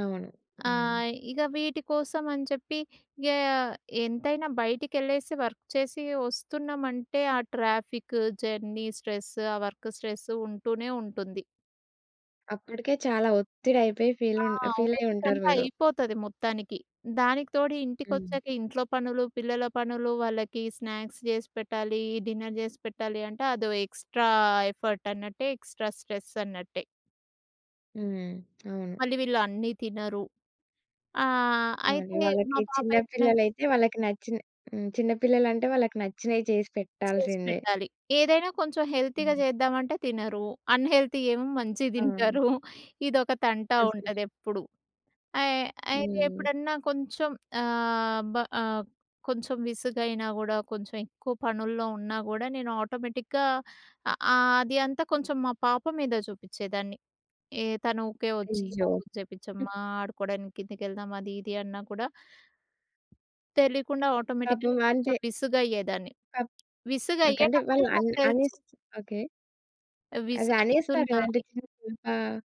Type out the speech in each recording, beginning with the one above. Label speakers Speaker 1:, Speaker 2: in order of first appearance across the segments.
Speaker 1: అవును.
Speaker 2: ఆ!
Speaker 1: హ్మ్.
Speaker 2: ఇగ వీటి కోసం అని చెప్పి ఇగ ఎంతైనా బయటికెళ్ళేసి వర్క్ చేసి ఒస్తున్నామంటే ఆ ట్రాఫిక్, జర్నీ, స్ట్రెస్సు ఆ వర్క్ స్ట్రెస్సు ఉంటూనే ఉంటుంది.
Speaker 1: అప్పటికే చాలా ఒత్తిడయిపోయి ఫీల్
Speaker 2: ఆ!
Speaker 1: ఉన్ ఫీలయ్యి
Speaker 2: ఓపిక
Speaker 1: ఉంటారు
Speaker 2: అంతా
Speaker 1: మీరు.
Speaker 2: అయిపోతది మొత్తానికి. దానికి తోడు
Speaker 1: హ్మ్.
Speaker 2: ఇంటికొచ్చాక ఇంట్లో పనులు, పిల్లల పనులు వాళ్ళకి స్నాక్స్ చేసి పెట్టాలి డిన్నర్ చేసి పెట్టాలి అంటే అదో ఎక్స్‌ట్రా ఎఫర్ట్ అన్నట్టే ఎక్స్‌ట్రా స్ట్రెస్ అన్నట్టే.
Speaker 1: హ్మ్. అవును.
Speaker 2: మళ్ళీ వీళ్ళు అన్నీ తినరు. ఆహ్,
Speaker 1: ఆ! ఇ
Speaker 2: అయితే మా
Speaker 1: వాళ్ళకి
Speaker 2: పాప
Speaker 1: చిన్న
Speaker 2: ఎప్పుడైనా
Speaker 1: పిల్లలైతే వాళ్ళకి నచ్చిన హ్మ్. చిన్న పిల్లలంటే వాళ్ళకి నచ్చినయి చేసి పెట్టాల్సిందే.
Speaker 2: చేసిపెట్టాలి. ఏదైనా కొంచెం హెల్తీగా
Speaker 1: హ్మ్.
Speaker 2: చేద్దామంటే తినరు. అన్‌హెల్తీ ఏమో మంచిగా
Speaker 1: అవును.
Speaker 2: తింటారు. ఇదొక తంట
Speaker 1: అసలు
Speaker 2: ఉంటది ఎప్పుడు. అయ్ అయితే
Speaker 1: హ్మ్.
Speaker 2: ఎప్పుడన్నా కొంచెం. ఆహ్, బ ఆహ్, కొంచెం విసుగైనా గూడా కొంచెం ఎక్కువ పనుల్లో ఉన్నా గూడా నేను ఆటోమేటిక్‌గా అ ఆహ్, అది అంతా కొంచెం మా పాప మీద చూపిచేదాన్ని. ఏ తను ఊకే వచ్చి
Speaker 1: అయ్యో! హ్మ్.
Speaker 2: చేపించమ్మా ఆడుకోవడానికి కిందికి వెళ్దాం అది ఇది అన్నా కూడా తెలియకుండా ఆటోమేటిక్‌గా
Speaker 1: పాపం
Speaker 2: నేను
Speaker 1: అంటే
Speaker 2: కొంచెం విసుగయ్యేదాన్ని.
Speaker 1: క ఓకే. అంటే
Speaker 2: విసుగయ్యేటప్పుడే
Speaker 1: వాళ్ళు
Speaker 2: నాకు
Speaker 1: అన్నీ
Speaker 2: తెలుసు.
Speaker 1: అన్నిస్ ఓకే. అది
Speaker 2: విసుగు
Speaker 1: అనేస్తారు
Speaker 2: అయితున్నా
Speaker 1: కదండి.
Speaker 2: అని.
Speaker 1: చిన్న పా చిన్న పాప ఆహ్,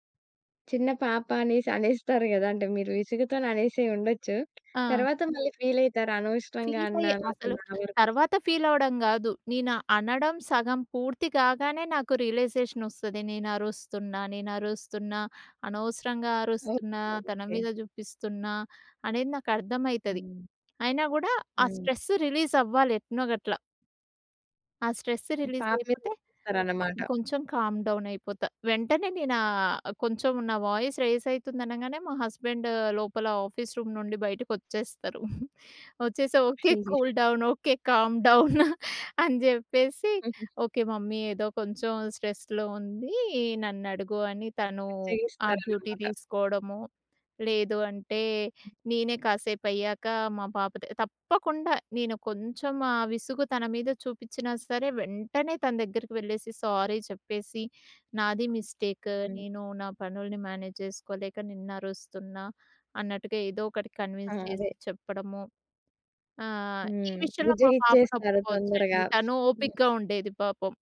Speaker 1: చిన్న పాప అనేసి అనేస్తారు గదా! అంటే మీరు ఇసుగుతో అనేసి ఉండొచ్చు.
Speaker 2: ఆ!
Speaker 1: తరువాత మళ్ళీ ఫీలయితారా? అనవసరంగా
Speaker 2: ఫీల్ అయ్యే
Speaker 1: అన్నాను. అసలు
Speaker 2: అసలు
Speaker 1: నా వరకు
Speaker 2: తర్వాత ఫీల్ అవ్వడం గాదు. నేను అనడం సగం పూర్తి కాగానే నాకు రియలైజేషన్ ఒస్తది. నేను అరుస్తున్నా. నేను అరుస్తున్నా. అనవసరంగా
Speaker 1: ఓకే.
Speaker 2: అరుస్తున్నా తన
Speaker 1: ఓకే.
Speaker 2: మీద చూపిస్తున్నా. అనేది నాకు అర్థమైతది.
Speaker 1: హ్మ్.
Speaker 2: అయినా గూడా ఆ
Speaker 1: హ్మ్.
Speaker 2: స్ట్రెస్ రిలీజ్ అవ్వాలి ఎట్నొ గట్ల. ఆ స్ట్రెస్ రిలీజ్
Speaker 1: పాప మీద
Speaker 2: అయిపోతే
Speaker 1: చూపిస్తారన్నమాట.
Speaker 2: అప్పుడు కొంచెం కామ్ డౌన్ అయిపోతా. వెంటనే నేను ఆహ్, కొంచెం నా వాయిస్ రెయిస్ అయితుంది అనంగానే. మా హస్బెండ్ లోపల ఆఫీస్ రూమ్ నుండి బయటికి ఒచ్చేస్తారు. ఒచ్చేసి, "ఓకే.
Speaker 1: అయ్యో!
Speaker 2: Cool down okay. Calm down అని చెప్పేసి
Speaker 1: హుహు.
Speaker 2: ఓకే! మమ్మీ ఏదో కొంచెం స్ట్రెస్‌లో ఉంది. నన్ను అడుగు" అని తను ఆ డ్యూటీ
Speaker 1: బుజ్జగిస్తారన్నమాట.
Speaker 2: తీసుకోవడము. లేదు అంటే నేనే కాసేపయ్యాక మా పాప త తప్పకుండా నేను కొంచెం ఆ విసుగు తన మీద చూపించినా సరే! వెంటనే తన దగ్గరికి వెళ్ళేసి, సారీ చెప్పేసి నాది మిస్టేక్
Speaker 1: హుహు.
Speaker 2: నేను నా పనుల్ని మేనేజ్ చేసుకోలేక నిన్నరుస్తున్నా. అన్నట్టుగా ఏదో ఒకటి
Speaker 1: ఆ!
Speaker 2: కన్విన్స్ చేసి
Speaker 1: అదే.
Speaker 2: చెప్పడము. ఆహ్, ఈ
Speaker 1: హ్మ్.
Speaker 2: విషయంలో మా పాపను
Speaker 1: బుజ్జగిచ్చేస్తారు
Speaker 2: ఒప్పుకోవచ్చండి
Speaker 1: తొందరగా.
Speaker 2: తను
Speaker 1: హ్మ్.
Speaker 2: ఓపికగా ఉండేది పాపం.